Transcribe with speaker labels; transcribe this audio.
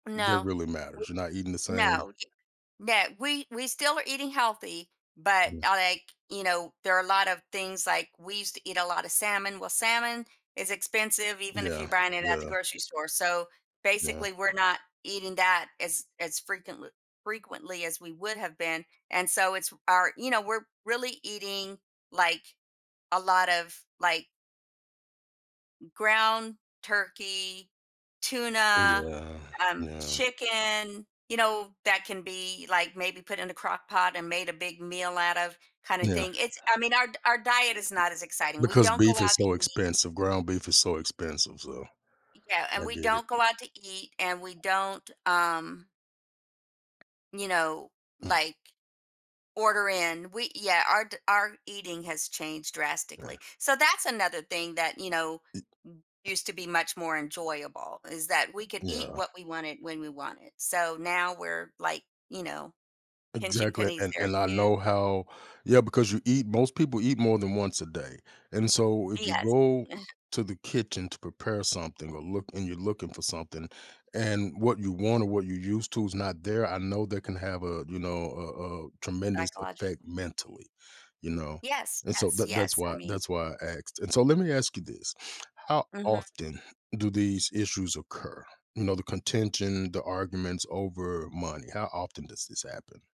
Speaker 1: That
Speaker 2: No,
Speaker 1: really
Speaker 2: we
Speaker 1: matters, you're not eating the same.
Speaker 2: no, y no, we we still are eating healthy, but,
Speaker 1: Yeah.
Speaker 2: uh, like, you know, there are a lot of things, like, we used to eat a lot of salmon well, salmon is expensive even if you're
Speaker 1: Yeah,
Speaker 2: buying it at the
Speaker 1: yeah.
Speaker 2: grocery store, so,
Speaker 1: Yeah.
Speaker 2: basically we're not eating that as as frequentl frequently as we would have been, and so, it's our you know, we're really eating, like, a lot of, like m ground turkey, tuna,
Speaker 1: Yeah,
Speaker 2: um,
Speaker 1: yeah.
Speaker 2: chicken, you know, that can be, like, maybe put in the crock-pot and made a big meal out of kinda
Speaker 1: Yeah.
Speaker 2: thing, it's I mean, our d our diet is not as exciting, we
Speaker 1: Because
Speaker 2: don't go
Speaker 1: beef is
Speaker 2: out to
Speaker 1: so
Speaker 2: eat.
Speaker 1: expensive, ground beef is so expensive, so
Speaker 2: Yeah and
Speaker 1: I
Speaker 2: we
Speaker 1: get
Speaker 2: don't go
Speaker 1: it.
Speaker 2: out to eat and we don't, um you know,
Speaker 1: Mm.
Speaker 2: like, order in, we yeah, our d our eating has changed drastically.
Speaker 1: Yeah.
Speaker 2: So, that's another thing that, you know,
Speaker 1: I
Speaker 2: used to be much more enjoyable is that we could eat
Speaker 1: Yeah.
Speaker 2: what we wanted when we wanted. So, now we're, like, you know, pinching
Speaker 1: Exactly,
Speaker 2: pennies
Speaker 1: and
Speaker 2: there
Speaker 1: and I
Speaker 2: too.
Speaker 1: know how yeah, because you eat most people eat more than once a day, and so, if you
Speaker 2: Yes.
Speaker 1: go to the kitchen to prepare something or look and you're looking for something, and what you want or what you used to is not there, I know that can have a you know, a a tremendous
Speaker 2: Psychologic
Speaker 1: effect mentally, you know?
Speaker 2: Yes,
Speaker 1: And so
Speaker 2: yes,
Speaker 1: that that's
Speaker 2: yes, I
Speaker 1: why
Speaker 2: mean
Speaker 1: that's why I asked and so let me ask you this, how
Speaker 2: Mhm.
Speaker 1: often do these issues occur? You know, the contention, the arguments over money, how often does this happen?